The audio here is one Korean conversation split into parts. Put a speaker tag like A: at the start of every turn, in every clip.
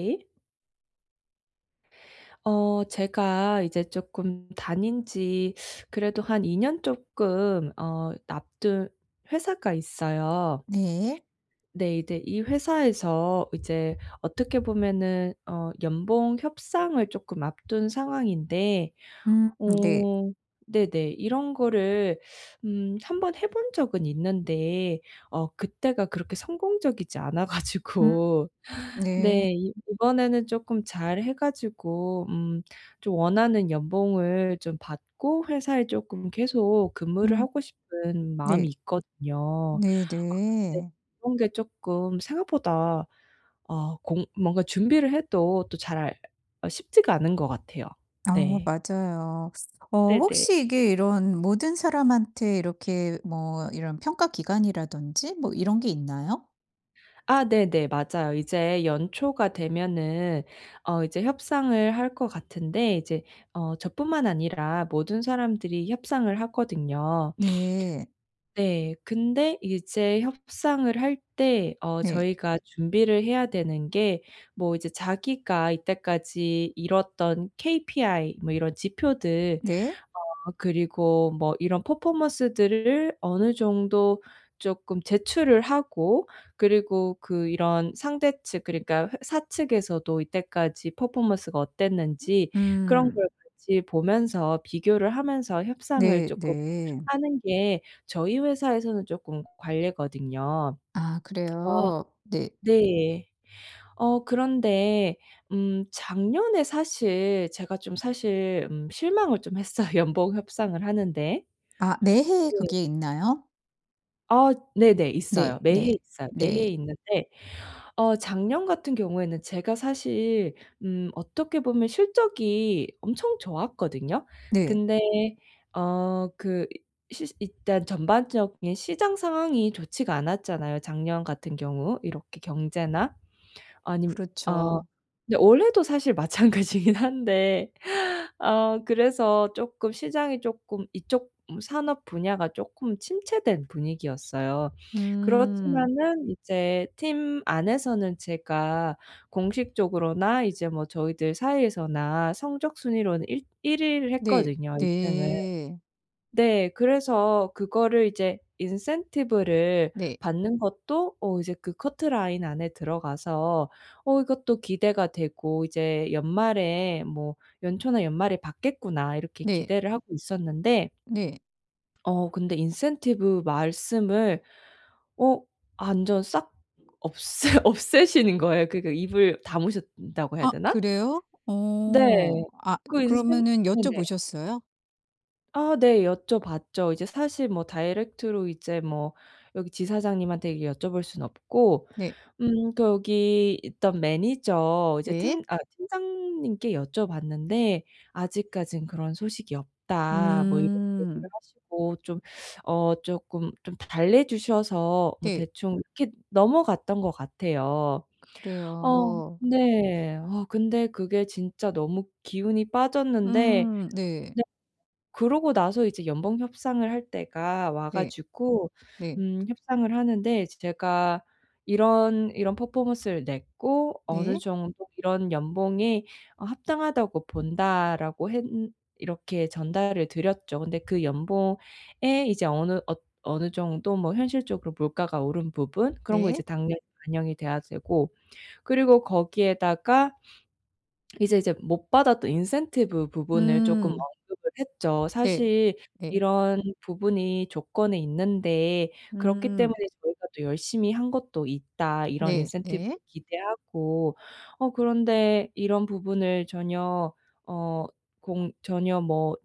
A: 예? 어 제가 이제 쪼끔 다닌 지 그래도 한 2 년 쪼끔 어 앞둔 회사가 있어요.
B: 네.
A: 네 이대 이 회사에서 이제 어떻게 보면은 어 연봉 협상을 쪼끔 앞둔 상황인데
B: 음. 네.
A: 어 네네 이런 거를 음 한번 해본 적은 있는데 어 그때가 그렇게 성공적이지 않아
B: 음.
A: 가지고
B: 네.
A: 네 이 이번에는 쪼끔 잘 해 가지고 음 좀 원하는 연봉을 좀 받고 회사에 쪼끔 계속 근무를
B: 음.
A: 하고 싶은
B: 네.
A: 마음이 있거든요. 아 근데
B: 네네.
A: 그런 게 쪼끔 생각보다 어 공 뭔가 준비를 해도 또 잘 어 쉽지가 않은 것 같아요.
B: 어
A: 네.
B: 맞아요. 어
A: 네네.
B: 혹시 이게 이런 모든 사람한테 이렇게 뭐 이런 평가 기간이라든지 뭐 이런 게 있나요?
A: 아 네네. 맞아요. 이제 연초가 되면은 어 이제 협상을 할 것 같은데 이제 어 저뿐만 아니라 모든 사람들이 협상을 하거든요.
B: 네.
A: 네. 근데 이게 제 협상을 할 때 어
B: 네.
A: 저희가 준비를 해야 되는 게 뭐 이제 자기가 이때까지 이뤘던 KPI 뭐 이런 지표들
B: 네.
A: 어 그리고 뭐 이런 퍼포먼스들을 어느 정도 쪼끔 제출을 하고 그리고 그 이런 상대측 그러니까 회 사측에서도 이때까지 퍼포먼스가 어땠는지 그런
B: 음.
A: 걸 같이 보면서 비교를 하면서 협상을
B: 네
A: 쪼끔
B: 네.
A: 하는 게 저희 회사에서는 쪼끔 관례거든요.
B: 아
A: 그래서
B: 그래요? 네.
A: 네. 어 그런데 음 작년에 사실 제가 좀 사실 음 실망을 좀 했어요 연봉 협상을 하는 데.
B: 아 매 해에
A: 네.
B: 그게 있나요?
A: 아 네네. 있어요.
B: 네. 네.
A: 매해 있어요.
B: 네.
A: 매해 있는데 어 작년 같은 경우에는 제가 사실 음 어떻게 보면 실적이 엄청 좋았거든요.
B: 네.
A: 근데 어 그 이 시 일단 전반적인 시장 상황이 좋지가 않았잖아요. 작년 같은 경우 이렇게 경제나 아니며 어
B: 그렇죠.
A: 근데 올해도 사실 마찬가지긴 한데 어 그래서 쪼끔 시장이 쪼끔 이쪽 산업 분야가 쪼끔 침체된 분위기였어요.
B: 음.
A: 그렇지만은 이제 팀 안에서는 제가 공식적으로나 이제 뭐 저희들 사이에서나 성적 순위로는 일 1 위를
B: 네.
A: 했거든요 1 등을.
B: 네.
A: 네. 그래서 그거를 이제 인센티브를
B: 네.
A: 받는 것도 어 이제 그 커트라인 안에 들어가서 어 이것도 기대가 되고 이제 '연말에 뭐 연초나 연말에 받겠구나.' 이렇게
B: 네.
A: 기대를 하고 있었는데
B: 네.
A: 어 근데 인센티브 말씀을 어 완전 싹 없애 없애시는 거예요. 그니까 입을 다무셨다고 해야
B: 아
A: 되나?
B: 그래요?
A: 네.
B: 어. 아
A: 그 인센
B: 그러면은
A: 네네.
B: 여쭤보셨어요?
A: 아, 네 여쭤봤죠. 이제 사실 뭐 다이렉트로 이제 뭐 여기 지사장님한테 이게 여쭤볼 수는 없고
B: 네.
A: 음 거기 있던 매니저 이제
B: 네.
A: 팀 아 팀장님께 여쭤봤는데 "아직까지는 그런 소식이 없다." 뭐 이런 얘기를
B: 음.
A: 하시고 좀 어 쪼끔 좀 달래주셔서 뭐
B: 네.
A: 대충 이렇게 넘어갔던 것 같아요. 어,
B: 그래요.
A: 네. 어 근데 그게 진짜 너무 기운이 빠졌는데
B: 음. 네.
A: 네. 그러고 나서 이제 연봉 협상을 할 때가 와
B: 네.
A: 가지고
B: 네.
A: 음 협상을 하는데 이제 제가 "이런, 이런 퍼포먼스를 냈고 어느
B: 네.
A: 정도 이런 연봉이 어 합당하다고 본다"라고 했는 이렇게 전달을 드렸죠. 근데 그 연봉에 이제 어느 어 어느 정도 뭐 현실적으로 물가가 오른 부분, 그런 거 이제
B: 네.
A: 당연히 반영이 돼야 되고 그리고 거기에다가 이제 이제 못 받았던 인센티브 부분을 쪼끔
B: 음.
A: 언급을 했죠.
B: 네
A: "사실
B: 네.
A: 이런 부분이 조건에 있는데 그렇기 때문에
B: 음.
A: 저희가 또 열심히 한 것도 있다, 이런
B: 네.
A: 인센티브를
B: 네.
A: 기대하고. 어 그런데 이런 부분을 전혀 어 공 전혀 뭐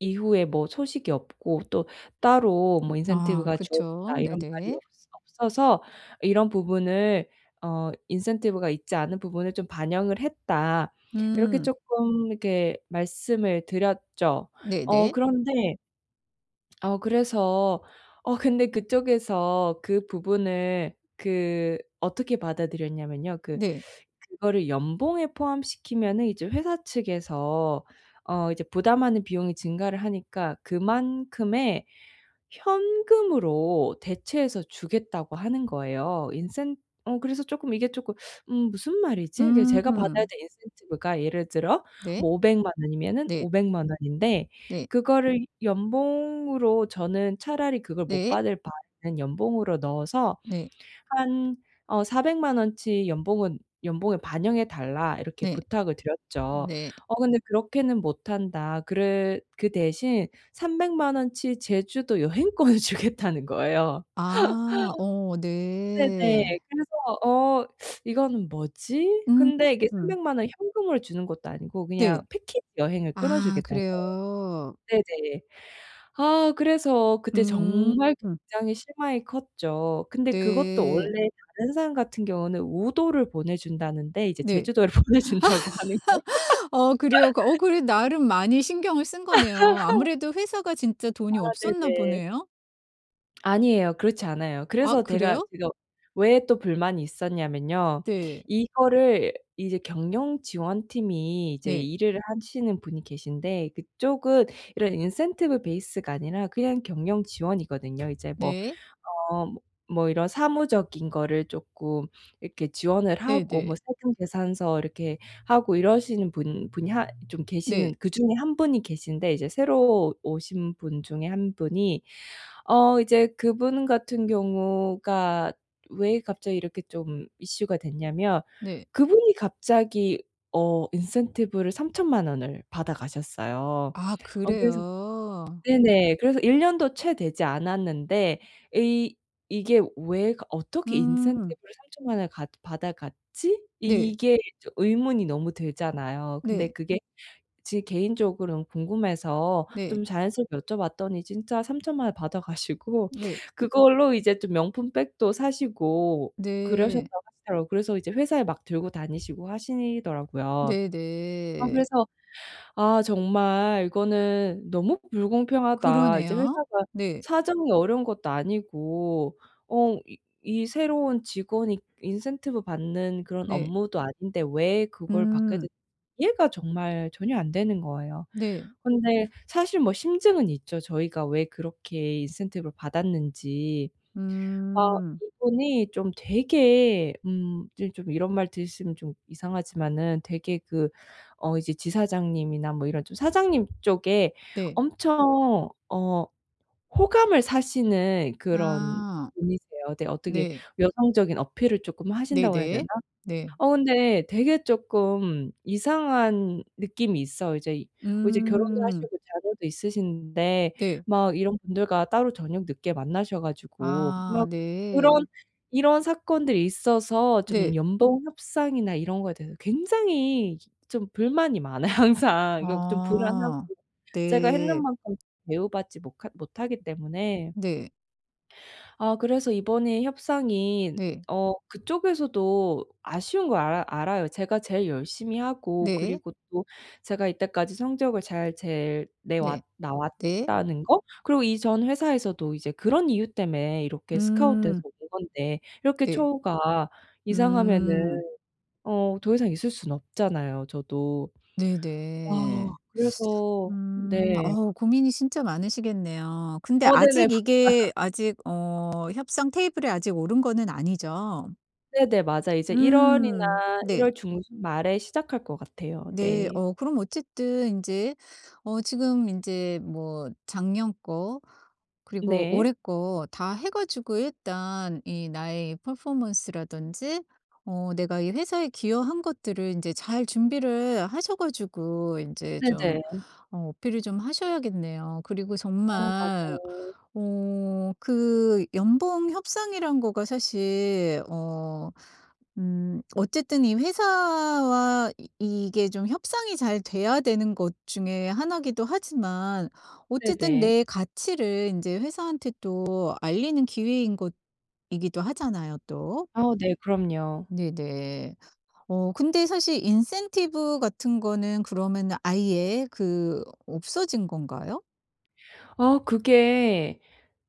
A: 이후에 뭐 소식이 없고 또 따로
B: 음.
A: 뭐
B: 아.
A: 인센티브가
B: 그쵸.
A: 주어진다. 이런 말이
B: 네네.
A: 없어 없어서 이런 부분을 어 인센티브가 있지 않은 부분을 좀 반영을 했다." 이렇게
B: 음.
A: 쪼끔 이렇게 말씀을 드렸죠. 어
B: 네네.
A: 그런데 어 그래서 어 근데 그쪽에서 그 부분을 그 어떻게 받아들였냐면요 그
B: 네.
A: 그거를 연봉에 포함시키면은 이제 회사 측에서 어 이제 부담하는 비용이 증가를 하니까 그만큼의 현금으로 대체해서 주겠다고 하는 거예요. 인센 어 그래서 쪼끔 이게 쪼끔 '음. 무슨 말이지?' 이제 제가 받아야
B: 음.
A: 될 인센티브가 예를 들어
B: 네.
A: 뭐 5,000,000 원이면은
B: 네.
A: 5,000,000 원인데
B: 네.
A: 그거를 연봉으로 저는 "차라리 그걸 못
B: 네.
A: 받을 바에는 연봉으로 넣어서
B: 네.
A: 한 어 4,000,000 원어치 연봉은 연봉에 반영해 달라." 이렇게
B: 네.
A: 부탁을 드렸죠.
B: 네.
A: "어. 근데 그렇게는 못 한다." 그래 그 대신 3,000,000 원어치 제주도 여행권을 주겠다는 거예요.
B: 아. 어.
A: 네네.
B: 네.
A: 그래서 '어. 이거는 뭐지?' 근데 이게
B: 음.
A: 3,000,000 원 현금을 주는 것도 아니고 그냥
B: 네.
A: 패키지 여행을
B: 아
A: 끊어주겠다는
B: 그래요?
A: 거예요. 네네. 아 그래서 그때
B: 음.
A: 정말 굉장히 실망이 컸죠. 근데 그것도
B: 네.
A: 원래 다른 사람 같은 경우는 우도를 보내 준다는데 이제
B: 네.
A: 제주도를 보내준다고 하는 거
B: 어 그래요? 어 그래 나름 많이 신경을 쓴 거네요. 아무래도 회사가 진짜
A: 아
B: 돈이 없었나
A: 네네.
B: 보네요?
A: 아니에요. 그렇지 않아요.
B: 아,
A: 그래서 데가
B: 그래요?
A: 제가 왜 또 불만이 있었냐면요.
B: 네.
A: 이거를 이제 경영지원팀이 이제
B: 네.
A: 일을 하시는 분이 계신데 그쪽은 이런 인센티브 베이스가 아니라 그냥 경영지원이거든요. 이제 뭐
B: 네.
A: 어 뭐 뭐 이런 사무적인 거를 쪼끔 이렇게 지원을 하고 뭐
B: 네네.
A: 세금계산서 이렇게 하고 이러시는 분 분이 하 좀
B: 네.
A: 계시는 그중에 1 분이 계신데 이제 새로 오신 분 중에 1 분이 어 이제 그분 같은 경우가 왜 갑자기 이렇게 좀 이슈가 됐냐면
B: 네.
A: 그분이 갑자기 어 인센티브를 30,000,000 원을 받아 가셨어요.
B: 아.
A: 어 그래서
B: 그래요.
A: 네네. 그래서 '1 년도 채 되지 않았는데 이 이게 왜 거 어떻게
B: 음.
A: 인센티브를 30,000,000 원을 갖 받아 갔지?'
B: 네.
A: 이게 좀 의문이 너무 들잖아요. 근데
B: 네.
A: 그게 제 개인적으로는 궁금해서
B: 네.
A: 좀 자연스럽게 여쭤봤더니 진짜 30,000,000 원 받아가시고
B: 네.
A: 그걸로 이제 좀 명품 백도 사시고
B: 네.
A: 그러셨다고 하시더라고요. 그래서 이제 회사에 막 들고 다니시고 하시더라고요. 아
B: 네네.
A: 그래서 '아. 정말 이거는 너무 불공평하다.' 이제
B: 그러네요.
A: 회사가
B: 네.
A: 사정이 어려운 것도 아니고 어 이 이 새로운 직원이 인센티브 받는 그런
B: 네.
A: 업무도 아닌데 왜 그걸 받게
B: 음.
A: 됐 이해가 정말 전혀 안 되는 거예요.
B: 네.
A: 근데 사실 뭐 심증은 있죠. 저희가 왜 그렇게 인센티브를 받았는지. 아
B: 음.
A: 이분이 좀 되게 음 즘 좀 이런 말 들으시면 좀 이상하지만은 되게 그 어 이제 지사장님이나 뭐 이런 좀 사장님 쪽에
B: 네.
A: 엄청 어 호감을 사시는 그런
B: 아.
A: 분이세요. 네. 어떻게
B: 네.
A: 여성적인 어필을 쪼끔 하신다고 해야 되나?
B: 네네. 네.
A: 어 근데 되게 쪼끔 이상한 느낌이 있어요. 이제, 이제 결혼도
B: 음.
A: 하시고 자녀도 있으신데
B: 네.
A: 막 이런 분들과 따로 저녁 늦게 만나셔 가지고
B: 아.
A: 막 그런
B: 네.
A: 이런 사건들이 있어서 좀
B: 네.
A: 연봉 협상이나 이런 거에 대해서 굉장히 좀 불만이 많아요 항상. 이거 좀 불안하고
B: 아.
A: 제가 했는
B: 네.
A: 만큼 대우받지 모카 못하기 때문에.
B: 네.
A: 아 그래서 이번에 협상인
B: 네.
A: 어 그쪽에서도 아쉬운 거 알아 알아요. 제가 제일 열심히 하고
B: 네.
A: 그리고 또 제가 이때까지 성적을 잘 제일 내왔
B: 네. 네.
A: 나왔다는 거? 그리고 이 전 회사에서도 이제 그런 이유 때문에 이렇게 스카우트돼서
B: 음.
A: 온 건데 이렇게
B: 네.
A: 처우가 이상하면은
B: 음.
A: 어 더 이상 있을 순 없잖아요, 저도. 아
B: 네네.
A: 그래서 네.
B: 음. 어우 고민이 진짜 많으시겠네요. 근데
A: 어 네네.
B: 아직
A: 맞아요.
B: 이게 아직 어 협상 테이블에 아직 오른 거는 아니죠?
A: 네네 맞아요. 이제 1
B: 음.
A: 월이나 1
B: 네.
A: 월 중순말에 시작할 것 같아요.
B: 네.
A: 네.
B: 어 그럼 어쨌든 인제 어 지금 인제 뭐 작년 거 그리고
A: 네.
B: 올해 거 다 해 가지고 일단 이 나의 퍼포먼스 라든지 어 내가 이 회사에 기여한 것들을 인제 잘 준비를 하셔 가지고 인제 좀
A: 네네.
B: 어 어필을 좀 하셔야겠네요. 그리고
A: 어.
B: 정말
A: 맞아요.
B: 어 그 연봉 협상이라는 거가 사실 어 음 어쨌든 이 회사와 이 이게 좀 협상이 잘 돼야 되는 것 중에 1 이기도 하지만 어쨌든
A: 네네.
B: 내 가치를 인제 회사한테 또 알리는 기회인 것이기도 하잖아요 또.
A: 아 네 그럼요.
B: 네네. 어 근데 사실 인센티브 같은 거는 그러면은 아예 그 없어진 건가요?
A: 아 그게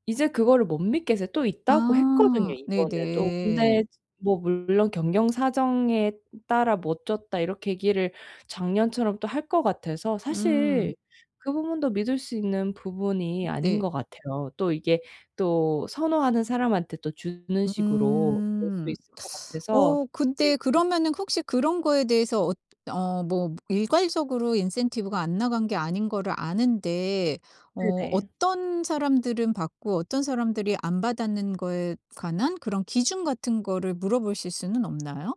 A: 이제 그거를 못 믿겠어요. 또 있다고 했거든요
B: 아
A: 이번에도.
B: 네네.
A: 근데 뭐 물론 "경영 사정에 따라 못 줬다." 이렇게 얘기를 작년처럼 또 할 것 같아서 사실
B: 음.
A: 그 부분도 믿을 수 있는 부분이 아닌
B: 네.
A: 것 같아요. 또 이게 또 선호하는 사람한테 또 주는 식으로 될 수
B: 음.
A: 있을 것 같아서.
B: 어 근데
A: 네.
B: 그러면은 혹시 그런 거에 대해서 엇 어 뭐 일괄적으로 인센티브가 안나간 게 아닌 거를 아는데 어
A: 네네.
B: 어떤 사람들은 받고 어떤 사람들이 안 받았는 거에 관한 그런 기준 같은 거를 물어보실 수는 없나요?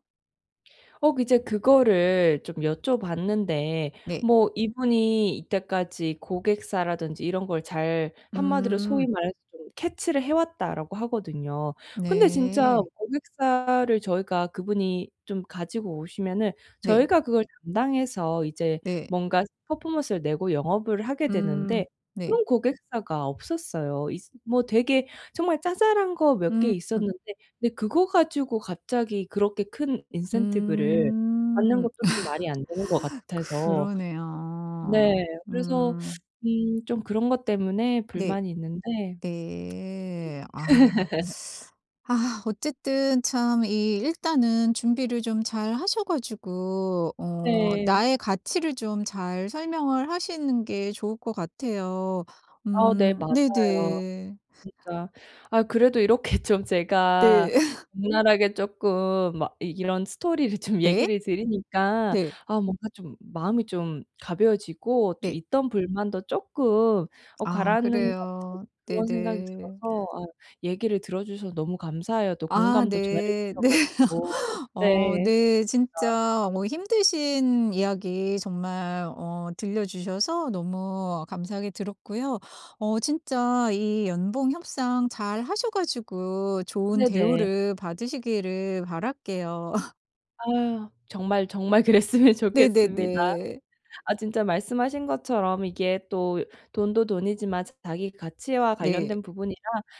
A: 어 이제 그거를 좀 여쭤봤는데
B: 네.
A: 뭐 이분이 이때까지 고객사라든지 이런 걸 잘, 한마디로 소위
B: 음.
A: 말해서 좀 캐치를 해 왔다라고 하거든요. 근데 진짜
B: 네.
A: 고객사를 저희가 그분이 좀 가지고 오시면은
B: 네.
A: 저희가 그걸 담당해서 이제
B: 네.
A: 뭔가 퍼포먼스를 내고 영업을 하게
B: 음.
A: 되는데
B: 네.
A: 그런 고객사가 없었어요. 있으 뭐 되게 정말 자잘한 거 몇 개
B: 음.
A: 있었는데 근데 그거 가지고 갑자기 그렇게 큰 인센티브를 받는
B: 음.
A: 것도 좀 말이 안 되는 것 같아서
B: 그러네요.
A: 네. 그래서
B: 음.
A: 음 좀 그런 것 때문에
B: 네.
A: 불만이 있는데
B: 네.
A: 네.
B: 아. 아. 어쨌든 참 이 일단은 준비를 좀 잘 하셔 가지고 어
A: 네.
B: 나의 가치를 좀 잘 설명을 하시는 게 좋을 것 같아요.
A: 아 네
B: 음.
A: 맞아요.
B: 네네.
A: 진짜. 아 그래도 이렇게 좀 제가
B: 네.
A: 적나라하게 쪼끔 막 이런 스토리를 좀
B: 네.
A: 얘기를 드리니까
B: 네.
A: 아 뭔가 좀 마음이 좀 가벼워지고 좀
B: 네.
A: 있던 불만도 쪼끔 어
B: 아
A: 가라앉는 것 같은
B: 그래요.
A: 그런 생각이
B: 네네.
A: 들어서 아 얘기를 들어주셔서 너무 감사해요. 또
B: 아.
A: 공감도 잘해
B: 네.
A: 주셔
B: 네.
A: 가지고.
B: 어
A: 네.
B: 네.
A: [unintelligible]
B: 진짜 어 힘드신 이야기 정말 어 들려주셔서 너무 감사하게 들었고요. 어 진짜 이 연봉 협상 잘 하셔 가지고 좋은
A: 네네.
B: 대우를 받으시기를 바랄게요.
A: 아. 정말 정말 그랬으면 좋겠습니다.
B: 네네네.
A: 아, 진짜 말씀하신 것처럼 이게 또 돈도 돈이지만 자기 가치와
B: 네.
A: 관련된 부분이라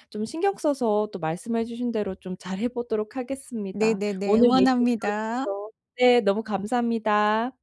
A: 좀 신경 써서 또 말씀해 주신 대로 좀 잘 해보도록 하겠습니다.
B: 네네네.
A: 오늘 얘기
B: 응원합니다.
A: 들어주셔서 네. 너무 감사합니다.